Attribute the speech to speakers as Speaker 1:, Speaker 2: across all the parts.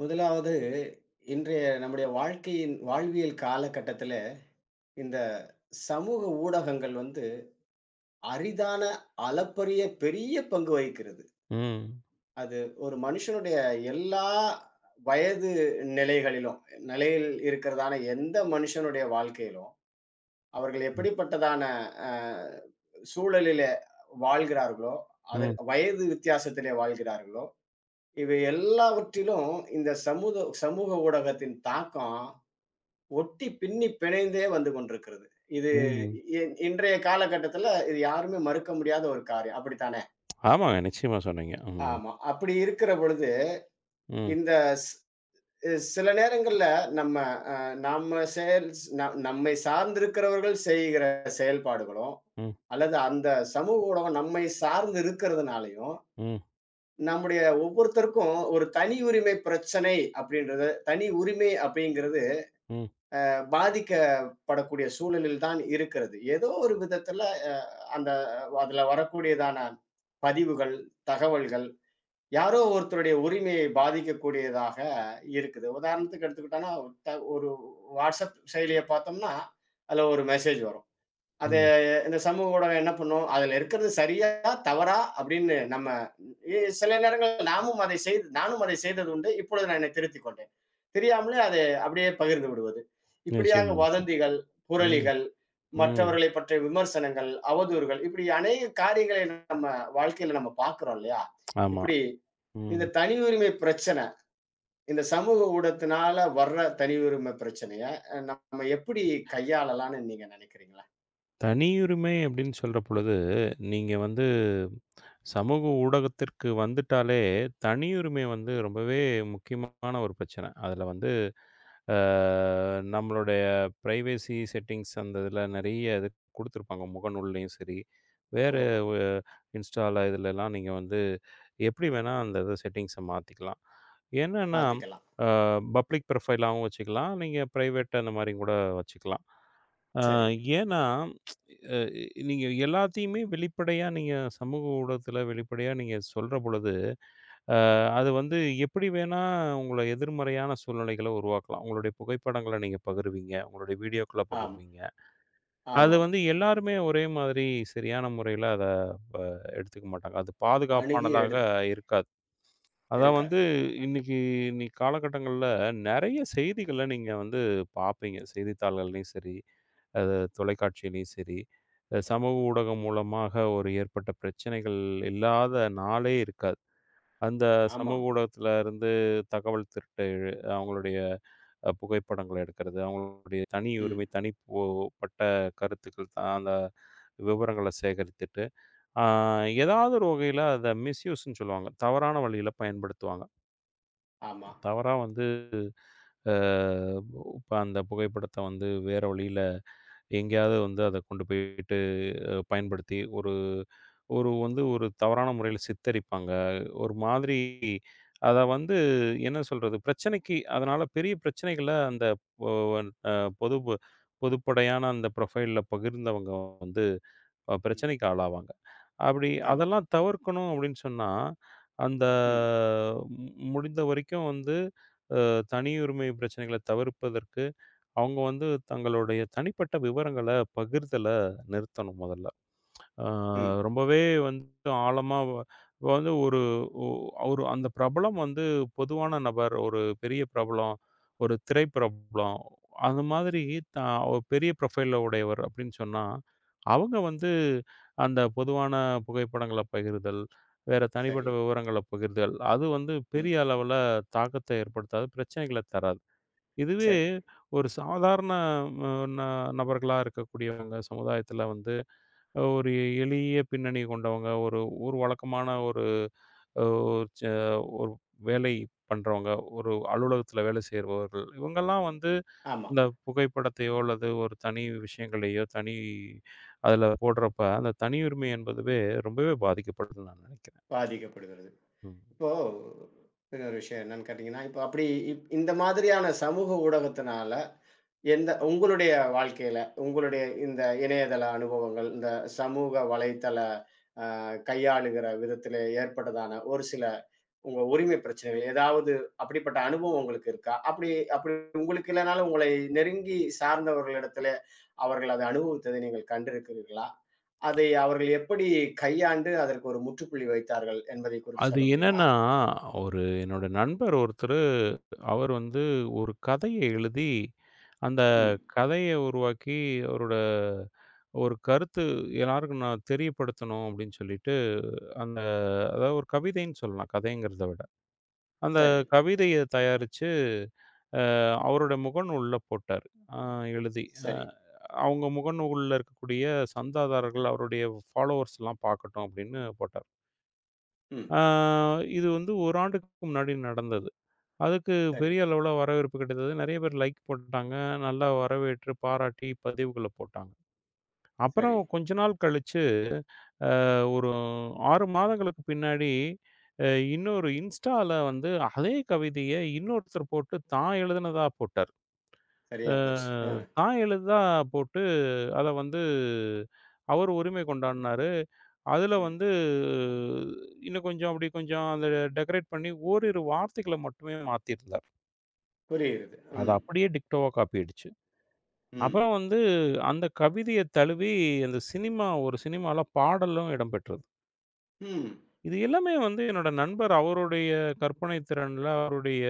Speaker 1: முதலாவது இன்றைய நம்முடைய வாழ்க்கையின் வாழ்வியல் காலகட்டத்தில, இந்தச் சமூக ஊடகங்கள் வந்து அரிதான அளப்பரிய பெரிய பங்கு வகிக்கிறது.
Speaker 2: ம்.
Speaker 1: அது ஒரு மனுஷனுடைய எல்லா வயது நிலைகளிலும் நிலையில் இருக்கிறதான எந்த மனுஷனுடைய வாழ்க்கையிலும், அவர்கள்
Speaker 2: ம்.
Speaker 1: எப்படிப்பட்டதான அ சூழலிலே வாழ்கிறார்களோ, அது
Speaker 2: ம்.
Speaker 1: வயது வித்தியாசத்திலே வாழ்கிறார்களோ, இவை எல்லாவற்றிலும் இந்தச் சமூத் சமூக ஊடகத்தின் தாக்கம் ஒட்டிப் பின்னிப் பிணைந்தே வந்து கொண்டிருக்கிறது. இது
Speaker 2: ம்ஹம்.
Speaker 1: இன்றைய காலகட்டத்துல, இது யாருமே மறுக்க முடியாத ஒரு காரியம். அப்படித்தானே?
Speaker 2: ஆமாங்க, நிச்சயமா சொன்னீங்க. ம்.
Speaker 1: ஆமா, அப்படி இருக்கிறபொழுது,
Speaker 2: ம்.
Speaker 1: இந்த ச் சில நேரங்கள்ல நம்ம, அ நாம செய் நம்மைச் சார்ந்திருக்கிறவர்கள் செய்கிற செயல்பாடுகளும்,
Speaker 2: ம்.
Speaker 1: அல்லது அந்தச் சமூக ஊடகம் நம்மைச் சார்ந்து இருக்கறதுனாலயும்,
Speaker 2: ம்.
Speaker 1: நம்முடைய ஒவ்வொருத்தருக்கும் ஒரு தனி உரிமை பிரச்சனை அப்டின்றது, தனி உரிமை அப்டிங்கிறது
Speaker 2: ம்.
Speaker 1: அ... பாதிக்கப்படக்கூடிய சூழலில் தான் இருக்கிறது. ஏதோ ஒரு விதத்துல அ அந்த அதுல வரக்கூடியதான பதிவுகள், தகவல்கள் யாரோ ஒருத்தருடைய உரிமையை பாதிக்கக்கூடியதாக இருக்குது. உதாரணத்துக்கு எடுத்துக்கிட்டான்னா, ஒரு WhatsApp செயலியைப் பார்த்தோம்னா அதுல ஒரு மெசேஜ் வரும். அத
Speaker 2: ம்.
Speaker 1: இந்தச் சமூக ஊடகம் என்ன பண்ணும்? அதுல இருக்கிறது சரியா, தவறா அப்டின்னு நம்ம எ சில நேரங்கள்ல நாமும் அதை செய்து நானும் அதைச் செய்தது உண்டு. இப்பொழுது நான் என்னை திருத்திக் கொண்டேன். தெரியாமலே அத அப்டியே பகிர்ந்து விடுவது. இப்படியாக
Speaker 2: நிச்சயமா. நிச்சயமா.
Speaker 1: வதந்திகள்,
Speaker 2: ம்.
Speaker 1: புரளிகள்,
Speaker 2: ம்.
Speaker 1: மற்றவர்களைப் பற்றிய விமர்சனங்கள், அவதூறுகள் இப்படி அநேக காரியங்களை நம்ம வாழ்க்கையில நம்ம பாக்கறோம் இல்லையா?
Speaker 2: ஆமா.
Speaker 1: இப்படி
Speaker 2: ம்.
Speaker 1: இந்தத் தனி உரிமை பிரச்சன இந்தச் சமூக ஊடகத்தினால வர்ற தனி உரிமை பிரச்சனைய நம்ம எப்படி கையாளலாம்ன்னு நீங்க நினைக்கிறீங்க?
Speaker 2: தனியுரிமை அப்டின்னு சொல்றபொழுது நீங்க வந்து சமூக ஊடகத்திற்கு வந்துட்டாலே தனியுரிமை வந்து
Speaker 1: ம்.
Speaker 2: ரொம்பவே முக்கியமான ஒரு பிரச்சன. அதுல வந்து ஆ நம்மளுடைய ப்ரைவசி செட்டிங்ஸ் அந்த இதுல நிறைய கொடுத்திருப்பாங்க முகநூலையும் சரி, வேற
Speaker 1: ஓஹோ!
Speaker 2: Instaல இதுலெல்லாம் நீங்க வந்து எப்படி வேணா அந்த இத செட்டிங்ஸ் மாத்திக்கலாம். ஏன்னா
Speaker 1: மாத்திக்கலாம்.
Speaker 2: ஆ பப்ளிக் ப்ரோஃபைலாவும் வச்சுக்கலாம். நீங்க பிரைவேட் அந்த மாரி கூட வச்சுக்கலாம். ஆ
Speaker 1: சரி.
Speaker 2: ஏன்னா அ நீங்க எல்லாத்தையுமே வெளிப்படையா நீங்க சமூக ஊடகத்துல வெளிப்படையா நீங்க சொல்றபொழுது, அ
Speaker 1: ம்.
Speaker 2: அது வந்து எப்படி வேணா உங்களை எதிர்மறையான சூழ்நிலைகளை உருவாக்கலாம். உங்களுடைய புகைப்படங்கள நீங்கப் பகிர்வீங்க. உங்களுடைய வீடியோக்கள
Speaker 1: ஆம்.
Speaker 2: பகிர்வீங்க. அது
Speaker 1: ஆமாம்.
Speaker 2: வந்து எல்லாருமே ஒரே மாதிரி சரியான முறையில அத வ எடுத்துக்க மாட்டாங்க. அது பாதுகாப்பானதாக
Speaker 1: அணுகியெடுத்து.
Speaker 2: இருக்காது. அதான்
Speaker 1: இருக்காது.
Speaker 2: வந்து இன்னைக்கு இன்னைக்கு கால கட்டங்கள்ல நிறைய செய்திகளை நீங்க வந்து பாப்பீங்க. செய்தித்தாள்களையும் சரி, ஆ, தொலைகாட்சிலயும் சரி, சமூக
Speaker 1: ம்.
Speaker 2: ஊடகம் மூலமாக ஒரு ஏற்பட்ட பிரச்சனைகள் இல்லாத நாளே இருக்காது. அந்தச்
Speaker 1: ஆமா.
Speaker 2: சமூக ஊடகத்துல இருந்து தகவல் திருட்டு அவங்களுடைய புகைப்படங்கள எடுக்கிறது, அவங்களுடைய
Speaker 1: ம்.
Speaker 2: தனியுரிமை, தனிப்போ கருத்து கருத்து அந்த விவரங்களை சேகரித்துட்டு ஆ
Speaker 1: ம்.
Speaker 2: எதாவது ஒரு வகையில அத மிஸ்யூஸ்ன்னு சொல்லுவாங்க. தவறான வழியில பயன்படுத்துவாங்க.
Speaker 1: ஆமாம்.
Speaker 2: தவறா வந்து, அ ப அந்தப் புகைப்படத்த வந்து வேற வழியில எங்கேயாவது வந்து அதக் கொண்டு போயிட்டு பயன்படுத்தி ,ஒரு ஒரு வந்து ஒரு தவறான முறையில சித்தரிப்பாங்க. ஒரு மாதிரி அத வந்து என்ன சொல்றது, பிரச்சனைக்கு அதனால பெரிய பிரச்சனைகள அந்த பொ வன் அ பொதுப்பு பொதுப்படையான அந்த ப்ரொஃபைல்ல பகிர்ந்து அவங்க வந்து
Speaker 1: ம்.
Speaker 2: பிரச்சனைக்கு ஆளாவாங்க. அப்படி
Speaker 1: ஆமாம்.
Speaker 2: அதெல்லாம் தவிர்க்கணும் அப்படின்னு சொன்னா, அந்த
Speaker 1: ம்.
Speaker 2: முடிந்தவரைக்கும் வந்து தனியுரிமை பிரச்சனைகளத் தவிர்ப்பதற்கு அவங்க வந்து தங்களோடய தனிப்பட்ட விவரங்கள பகிர்தல நிறுத்தணும் மொதல்ல. ஆ,
Speaker 1: ம்.
Speaker 2: ரொம்பவே வந்து ஆழமா வந்து ஒரு அ ஒரு அந்தப் பிரபலம் வந்து பொதுவான நபர், ஒரு பெரிய பிரபலம், ஒரு திரைப்பிரபலம் அந்த மாதிரி த ஒரு பெரிய ப்ரொஃபைல்ல உடையவர் அப்படின்னு சொன்னா அவங்க வந்து அந்தப் பொதுவான புகைப்படங்களப் பகிர்தல், வேற தனிப்பட்ட
Speaker 1: சரி.
Speaker 2: விவரங்களப் பகிர்தல் அது வந்து
Speaker 1: ம்.
Speaker 2: பெரிய அளவுல தாக்கத்த ஏற்படுத்தாது, பிரச்சனைகளத் தராது. இதுவே
Speaker 1: சரி.
Speaker 2: ஒரு சாதாரண ந ந நபர்களா இருக்கக்கூடியவங்க, சமுதாயத்துல வந்து ஒரு எளிய பின்னணி கொண்டவங்க, ஒரு ஊர் வழக்கமான ஒரு ஓ ச ஒரு வேலை பண்றவங்க, ஒரு அலுவலகத்துல வேல செய்றவர்கள். இவங்க எல்லாம் வந்து
Speaker 1: ஆமாம்.
Speaker 2: அந்தப் புகைப்படத்தையோ, அல்லது ஒரு தனி விஷயங்களையோ தனி அதுல போடுறப்ப அந்தத் தனியுரிமை என்பதுவே ரொம்பவே பாதிக்கப்படுதுன்னு நான் நெனைக்கிறேன்.
Speaker 1: பாதிக்கப்படுகிறது.
Speaker 2: ம்.
Speaker 1: இப்போ, இன்னொரு விஷயம் என்னன்னு கேட்டீங்கன்னா, இப்ப அப்படி இந்த மாதிரியான சமூக ஊடகத்தினால, எந்த உங்களுடைய வாழ்க்கையில உங்களுடைய இந்த இணையதள அனுபவங்கள், இந்தச் சமூக வலைத்தள கையாளுகிற விதத்திலே ஏற்பட்டதான ஒருசில உங்க உரிமை பிரச்சனைகள், ஏதாவது அப்படிப்பட்ட அனுபவம் உங்களுக்கு இருக்கா? அப்படி அப்படி உங்களுக்கு இல்லேன்னாலும் உங்களை நெருங்கி சார்ந்தவர்களிடத்துல, அவர்கள் அத அனுபவித்தத நீங்க கண்டிருக்கிறீர்களா? அதை அவர்கள் எப்படி கையாண்டு அதற்கு ஒரு முற்றுப்புள்ளி வைத்தார்கள் என்பதை குறித்து
Speaker 2: அது
Speaker 1: சொல்ல முடியுமா?
Speaker 2: என்னன்னா ஒரு என்னோட நண்பர் ஒருத்தரு, அவர் வந்து ஒரு கதைய எழுதி அந்தக்
Speaker 1: ம்.
Speaker 2: கதைய உருவாக்கி, அவரோட ஒரு கருத்து எல்லாருக்கும் நான் தெரியப்படுத்தணும் அப்படின்னு சொல்லிட்டு அந்த அதாவது ஒரு கவிதைன்னு சொல்லலாம் கதைங்கிறத விட.
Speaker 1: சரி.
Speaker 2: அந்தக் கவிதைய தயாரிச்சு அவரோட முகநூல்ல போட்டாரு, அ எழுதி. அ,
Speaker 1: சரி.
Speaker 2: அவங்க முகநூல்ல இருக்கக்கூடிய சந்தாதாரர்கள் அவரோட ஃபாலோவர்ஸ் எல்லாம் பார்க்கட்டும் அப்படின்னு போட்டாரு.
Speaker 1: ம்.
Speaker 2: ஆ இது வந்து 1 ஆண்டுக்கு முன்னாடி நடந்தது. அதுக்கு
Speaker 1: சரி.
Speaker 2: பெரிய அளவில் வரவேற்பு கிடைத்தது. நிறைய பேர் லைக் போட்டாங்க. நன்றாக வரவேற்று பாராட்டி பதிவுகளை போட்டாங்க.
Speaker 1: சரி.
Speaker 2: அப்புறம் கொஞ்ச நாள் கழித்து ஆ ஒரு 6 மாதங்களுக்கு பின்னாடி இன்னொரு இன்ஸ்டால வந்து அதே கவிதையை இன்னொருத்தர் போட்டுத், தான் எழுதியதாக போட்டார். ஆ,
Speaker 1: சரியா போச்சு. ஆ.
Speaker 2: தான் எழுதியதாக போட்டு, அதை வந்து அவரு உரிமை கொண்டாடினார். அதில்
Speaker 1: ம்.
Speaker 2: வந்து இன்னும் கொஞ்சம் அப்படி கொஞ்சம் அதை டேக்ரேட் பண்ணி ஓரிரு வார்த்தைகளை மட்டுமே மாற்றியிருந்தார்.
Speaker 1: புரியுது.
Speaker 2: அது
Speaker 1: ம்.
Speaker 2: அப்படியே டிக்டோவா காப்பி ஆகிடுச்சு.
Speaker 1: ம்.
Speaker 2: அப்புறம் வந்து அந்தக் கவிதையை தழுவி அந்தச் சினிமா ஒரு சினிமாவில் பாடலும் இடம்பெற்றது.
Speaker 1: ம்.
Speaker 2: இது எல்லாமே வந்து என்னுடைய நண்பர் அவருடைய கற்பனைத் திறனில், அவருடைய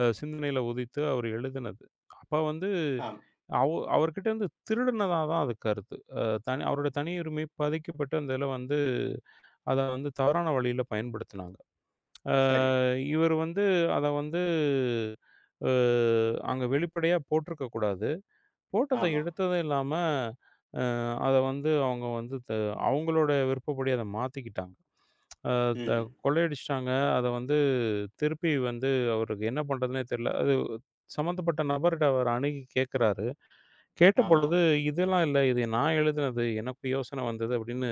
Speaker 2: அ சிந்தனையில் உதித்து அவர் எழுதியது. அப்போ வந்து
Speaker 1: ஆம்.
Speaker 2: அவ அவர் கிட்ட இருந்து திருடியதாக தான் அது கருத்து. அ, தனி அவருடைய தனியுரிமை மீறப்பட்டு அதில் வந்து அதை வந்து தவறான வழியில் பயன்படுத்தினாங்க. ஆ,
Speaker 1: சரி.
Speaker 2: இவர் வந்து அதை வந்து, ஆ, இங்கே வெளிப்படையாக போட்டிருக்கக் கூடாது. போட்டதை
Speaker 1: ஆமா.
Speaker 2: எடுத்ததும் இல்லாமல் அ, அதை வந்து அவங்க வந்து த அவங்களோட விருப்பப்படி அதை மாற்றிக்கொண்டாங்க. ஆ, த
Speaker 1: ம்ஹ்ம்.
Speaker 2: கொள்ளையடித்திட்டாங்க. அதை வந்து திருப்பி வந்து அவருக்கு என்ன பண்றதுன்னே தெரியவில்லை. அது சம்பந்தப்பட்ட நபர் கிட்ட அவர் அணுகி கேட்குறாரு.
Speaker 1: ஆமா.
Speaker 2: கேட்டபொழுது, இதெல்லாம் இல்லை. இதை நான் எழுதியது. எனக்கு யோசனை வந்தது அப்படி என்று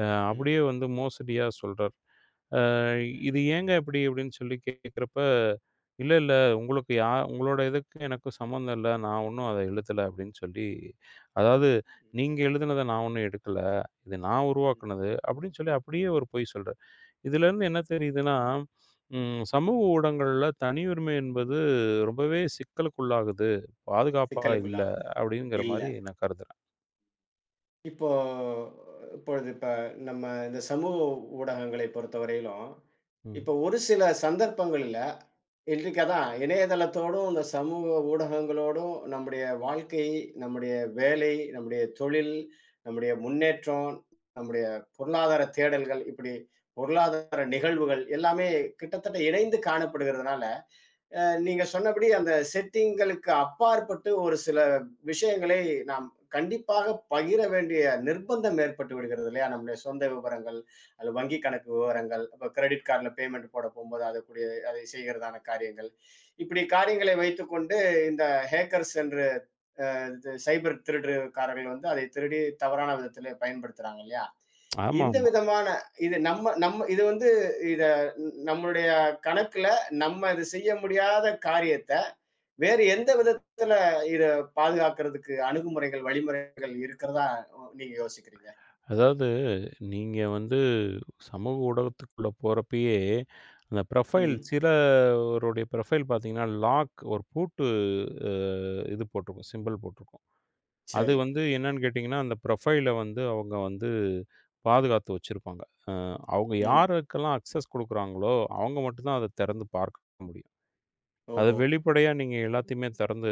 Speaker 2: ஆ,
Speaker 1: ம்.
Speaker 2: அப்படியே வந்து மோசடியாக சொல்கிறார். ஆ, "இது
Speaker 1: ம்.
Speaker 2: ஏங்க இப்படி?" அப்படி என்று சொல்லிக் கேட்குறப்போ, "இல்லை, இல்லை. உங்களுக்கு யார் உங்களோட இதுக்கு எனக்கும் சம்பந்தம் இல்லை. நான் ஒன்றும் அதை எழுதவில்லை" அப்படி என்று சொல்லி, அதாவது,
Speaker 1: ம்.
Speaker 2: "நீங்க எழுதியதை நான் ஒன்றும் எடுக்கவில்லை. இதை நான்
Speaker 1: ம்.
Speaker 2: உருவாக்கியது" அப்படி என்று சொல்லி அப்படியே அவர் பொய் சொல்கிறார். இதில் இருந்து என்ன தெரியுது என்றால், ம் சமூக ஊடகங்களில் தனியுரிமை என்பது ரொம்பவே சிக்கலுக்குள்ளாகுது. பாதுகாப்பாக இல்லை
Speaker 1: சிக்கலுக்குள்ளாவது.
Speaker 2: அப்படி என்கிற
Speaker 1: இல்லை.
Speaker 2: மாதிரி நான் கருதுகிறேன்.
Speaker 1: இப்போ இப்பொழுது இப்ப நம்ம இந்தச் சமூக ஊடகங்களைப் பொறுத்தவரையிலும், இப்ப
Speaker 2: ம்.
Speaker 1: ஒருசில சந்தர்ப்பங்கள்ல, இன்றைக்கு அதான் இணையதளத்தோடும், இந்தச் சமூக ஊடகங்களோடும் நம்முடைய வாழ்க்கை, நம்முடைய வேலை, நம்முடைய தொழில், நம்முடைய முன்னேற்றம், நம்முடைய பொருளாதார தேடல்கள் இப்படி பொருளாதார நிகழ்வுகள் எல்லாமே கிட்டத்தட்ட இணைந்து காணப்படுகிறதனால, அ நீங்கச் சொன்னபடி அந்த செட்டிங்களுக்கு அப்பாற்பட்டு, ஒருசில விஷயங்களை நாம் கண்டிப்பாகப் பகிர வேண்டிய நிர்பந்தம் ஏற்பட்டு விடுகிறதில்லையா? நம்முடைய சொந்த விவரங்கள் அல்லது வங்கி கணக்கு விவரங்கள், கிரடிட் கார்ட்ல பேமண்ட் போடப் போகும்போது அதுக்கூடிய அதை செய்கிறதான காரியங்கள். இப்படி காரியங்களை வைத்துக்கொண்டு இந்த ஹக்கர்ஸ் என்ற அ இந்த சைபர் திருட்டு காரர்கள் வந்து அதைத் திருடி தவறான விதத்திலே பயன்படுத்துறாங்க இல்லையா?
Speaker 2: ஆமா,
Speaker 1: இந்த
Speaker 2: ஆமா.
Speaker 1: விதமான இது நம்ம நம்ம இது வந்து இதை நம்முடைய கணக்குல, நம்ம இது செய்ய முடியாத காரியத்தை வேறு எந்த விதத்துல இதைப் பாதுகாக்குறதுக்கு அணுகுமுறைகள், வழிமுறைகள் இருக்கிறதா நீங்க யோசிக்கிறீங்க?
Speaker 2: அதாவது நீங்க வந்து சமூக ஊடகத்துக்குள்ள போறப்பயே, அந்த ப்ரொபைல்
Speaker 1: ம்.
Speaker 2: சிலருடைய ப்ரொபைல் பாத்தீங்கன்னா, லாக் ஒரு பூட்டு அஹ், இது போட்டிருக்கும் சிம்பல் போட்டிருக்கும். அது
Speaker 1: சரி.
Speaker 2: வந்து என்னன்னு கேட்டீங்கன்னா அந்த ப்ரொபைல் வந்து அவங்க வந்து பாதுகாத்து வச்சிருப்பாங்க. அஹ், அவங்க
Speaker 1: ம்.
Speaker 2: யாருக்கெல்லாம் அக்சஸ் கொடுக்கறாங்களோ அவங்க மட்டும்தான் அதைத் திறந்து பார்க்க முடியும். அதை
Speaker 1: ஓஹோ.
Speaker 2: வெளிப்படையா நீங்க எல்லாத்தையுமே திறந்து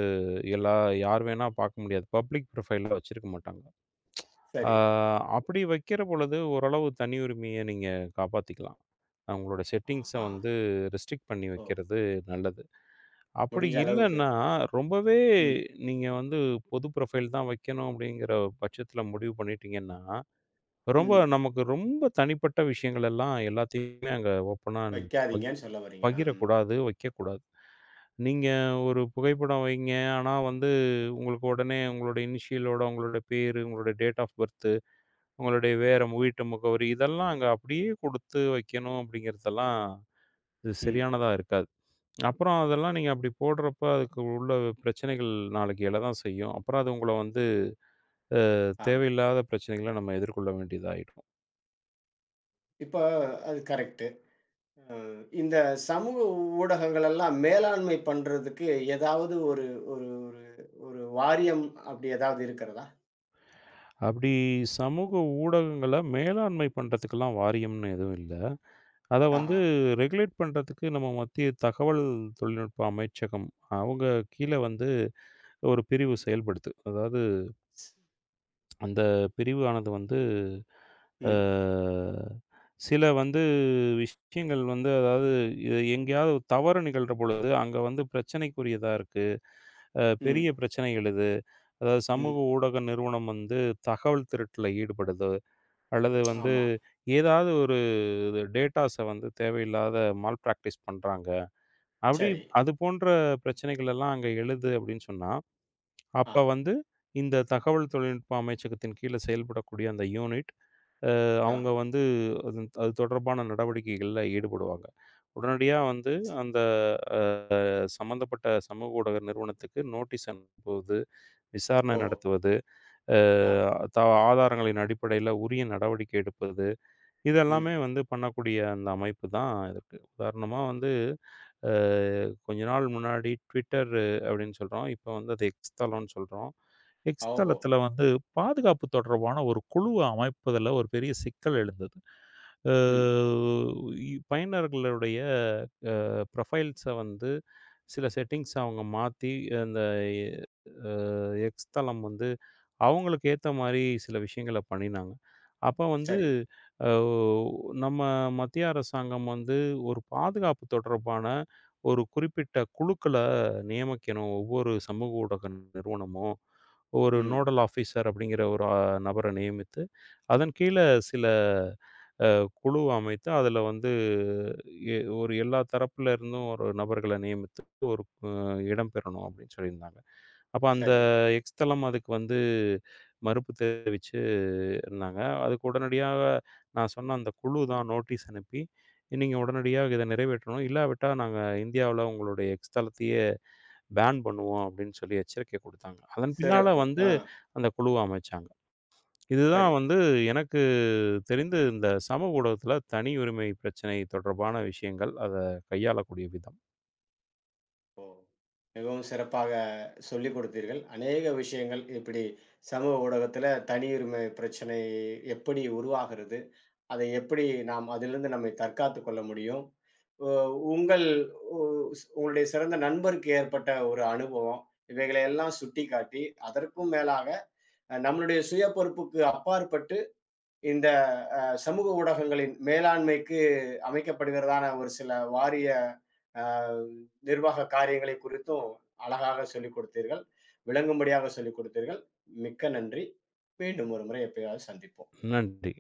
Speaker 2: எல்லா யார் வேணா பாக்க முடியாது. பப்லிக் ப்ரொபைல் வச்சிருக்க மாட்டாங்க. ஆ
Speaker 1: சரி.
Speaker 2: அப்படி வைக்கிறபொழுது, ஓரளவு தனியுரிமைய நீங்க காப்பாத்திக்கலாம். உங்களோட செட்டிங்ஸ்
Speaker 1: ஆஹா.
Speaker 2: வந்து ரெஸ்ட்ரிக் பண்ணி
Speaker 1: ஓ.
Speaker 2: வைக்கிறது நல்லது. அப்படி
Speaker 1: முடிஞ்ச அளவுக்கு.
Speaker 2: இல்லன்னா, ரொம்பவே
Speaker 1: ம்.
Speaker 2: நீங்க வந்து பொது ப்ரொபைல் தான் வைக்கணும் அப்படிங்குற பட்சத்துல முடிவு பண்ணிட்டீங்கன்னா, ரொம்ப
Speaker 1: ம்.
Speaker 2: நமக்கு ரொம்ப தனிப்பட்ட விஷயங்கள எல்லாம் எல்லாத்தையுமே அங்க ஓபனா அண்ட்
Speaker 1: வைக்காதீங்கன்னு சொல்ல வர்றீங்க.
Speaker 2: பகிரக்
Speaker 1: ம்.
Speaker 2: கூடாது. வைக்கக் கூடாது. நீங்க ஒரு புகைப்படம் வைங்க. ஆனா வந்து உங்களுக்கு உடனே உங்களோட இனிஷியல் ஓட உங்களோட பேரு, உங்களோட டேட் ஆஃப் பர்த், உங்களோட வேற வீட்டு முகவரி இதெல்லாம் அங்க அப்படியே கொடுத்து வைக்கணும் அப்படிங்குறதெல்லாம், இது
Speaker 1: ம்.
Speaker 2: சரியானதா இருக்காது. அப்புறம் அதெல்லாம் நீங்க அப்படி போடுறப்ப அதுக்கு உள்ள பிரச்சனைகள் நாளைக்கு எழதான் செய்யும். அப்புறம் அது உங்கள வந்து அஹ்,
Speaker 1: ஆமா.
Speaker 2: தேவையில்லாத பிரச்சனைகள நம்ம எதிர்கொள்ள வேண்டியதாயிடும்.
Speaker 1: இப்ப அது கரெக்ட் ம். இந்தச் சமூக ஊடகங்கள் எல்லாம் மேலாண்மை பண்றதுக்கு ஏதாவது ஒரு ஒரு ஒரு வாரியம் அப்டி ஏதாவது இருக்கிறதா?
Speaker 2: அப்டி சமூக ஊடகங்கள மேலாண்மை பண்ணறதுக்கெல்லாம் வாரியம்ன்னு எதுவும் இல்ல. அத
Speaker 1: ஆஹா.
Speaker 2: வந்து ரெகுலேட் பண்றதுக்கு நம்ம மத்திய தகவல் தொழில்நுட்ப அமைச்சகம். அவங்க கீழ வந்து ஒரு பிரிவு செயல்படுது. அதாவது அந்தப் பிரிவு ஆனது வந்து, ஆ
Speaker 1: ம்.
Speaker 2: சில வந்து விஷயங்கள் வந்து அதாவது எ எங்கயாவது தவறு நிகழ்றபொழுது அங்க வந்து பிரச்சினைக்குரியதா இருக்கு. அ, பெரிய
Speaker 1: ம்.
Speaker 2: பிரச்சனைகள் இது. அதாவது
Speaker 1: ம்.
Speaker 2: சமூக ஊடக நிறுவனம் வந்து தகவல் திருட்டுல ஈடுபடுது அல்லது வந்து
Speaker 1: ஆமா.
Speaker 2: ஏதாவது ஒரு டேட்டாஸ் வந்து தேவையில்லாத மால்ப்ராக்டிஸ் பண்றாங்க. அப்டி
Speaker 1: சரி.
Speaker 2: அது போன்ற பிரச்சனைகள் எல்லாம் அங்க எழுது அப்டின்னு சொன்னா,
Speaker 1: ஆ.
Speaker 2: அப்ப வந்து இந்த தகவல் தொழில்நுட்ப அமைச்சகத்தின் கீழ செயல்படக்கூடிய அந்த யூனிட் அ,
Speaker 1: ஆ.
Speaker 2: அவுங்க வந்து அதன் அது தொடர்பான நடவடிக்கைகள்ல ஈடுபடுவாங்க. உடனடியா வந்து அந்த அ, சம்பந்தப்பட்ட சமூக ஊடக நிறுவனத்துக்கு நோட்டீஸ் அனுப்புவது, விசாரணை
Speaker 1: ஓஹோ!
Speaker 2: நடத்துவது, அ,
Speaker 1: ஆ.
Speaker 2: தா ஆதாரங்களின் அடிப்படையில உரிய நடவடிக்கை எடுப்பது, இதெல்லாமே
Speaker 1: ம்.
Speaker 2: வந்து பண்ணக்கூடிய அந்த அமைப்புதான் இது. உதாரணமா வந்து அ, கொஞ்ச நாள் முன்னாடி Twitter அப்டின்னு சொல்றோம். இப்ப வந்து அத எக்ஸ் தளம்னு சொல்றோம். எக்ஸ்
Speaker 1: ஓஹோ!
Speaker 2: தளத்துல வந்து பாதுகாப்பு தொடர்பான ஒரு குழு அமைப்பதுல ஒரு பெரிய சிக்கல் எழுந்தது. ஆ,
Speaker 1: ம்.
Speaker 2: பயனர்களுடைய அ, ப்ரோபைல்ஸ் வந்து சில செட்டிங்ஸ் அவுங்க மாத்தி அந்த எ அ எக்ஸ் தளம் வந்து அவுங்களுக்கு ஏத்த மாரி சில விஷயங்கள பண்ணினாங்க. அப்ப வந்து
Speaker 1: சரி.
Speaker 2: ஆ, நம்ம மத்திய அரசாங்கம் வந்து ஒரு பாதுகாப்பு தொடர்பான ஒரு குறிப்பிட்ட குழுக்கள நியமிக்கணும். ஒவ்வொரு சமூக ஊடக நிறுவனமும் ஒரு
Speaker 1: ம்.
Speaker 2: நோடள் ஆபிசர் அப்டிங்கிற ஒரு நபர நியமித்து அதன் கீழ சில அ, குழு அமைத்து அதுல வந்து எ ஒரு எல்லா தரப்புல இருந்தும் ஒரு நபர்கள நியமித்து ஒரு இடம் பெறணும் அப்டின்னு சொல்லி இருந்தாங்க. அப்ப அந்த
Speaker 1: சரி.
Speaker 2: எக்ஸ் தளம் அதுக்கு வந்து மறுப்பு தெரிவிச்சு இருந்தாங்க. அதுக்கு உடனடியாக நான் சொன்ன அந்தக் குழுதான் நோட்டீஸ் அனுப்பி நீங்க உடனடியா இதை நிறைவேற்றணும். இல்லாவிட்டா நாங்க இந்தியாவுல உங்களோட எக்ஸ் தளத்தையே பேன் பண்ணுவோம் அப்டின்னு சொல்லி எச்சரிக்கை குடுத்தாங்க. அதன் பின்னால
Speaker 1: சிறப்பு.
Speaker 2: வந்து
Speaker 1: ஆ.
Speaker 2: அந்தக் குழுவ அமைச்சாங்க.
Speaker 1: சரி.
Speaker 2: இதுதான் வந்து எனக்குத் தெரிந்து இந்தச் சமூக ஊடகத்துல தனியுரிமை பிரச்சினை தொடர்பான விஷயங்கள். அத கையாளக்கூடிய விதம்.
Speaker 1: ஓ! மிகவும் சிறப்பாகச் சொல்லிக் கொடுத்தீர்கள். அநேக விஷயங்கள் இப்டி சமூக ஊடகத்துல தனி உரிமை பிரச்சனை எப்டி உருவாகிறது, அதை எப்டி நாம் அதிலிருந்து நம்மைத் தற்காத்துக் கொள்ள முடியும், உ உங்கள் உஸ் உங்களோட சிறந்த நண்பருக்கு ஏற்பட்ட ஒரு அனுபவம் இவைகளை எல்லாம் சுட்டிக்காட்டி அதற்கும் மேலாக நம்மளுடைய சுய பொறுப்புக்கு அப்பாற்பட்டு இந்தச் அ சமூக ஊடகங்களின் மேலாண்மைக்கு அமைக்கப்படுகிறதான ஒரு சில வாரிய அ நிர்வாக காரியங்களைக் குறித்தும் அழகாகச் சொல்லிக் குடுத்தீர்கள். விளங்கும்படியாகச் சொல்லிக் குடுத்தீர்கள். மிக்க நன்றி. மீண்டும் ஒரு முறை எப்பயாவது சந்திப்போம்.
Speaker 2: நன்றி.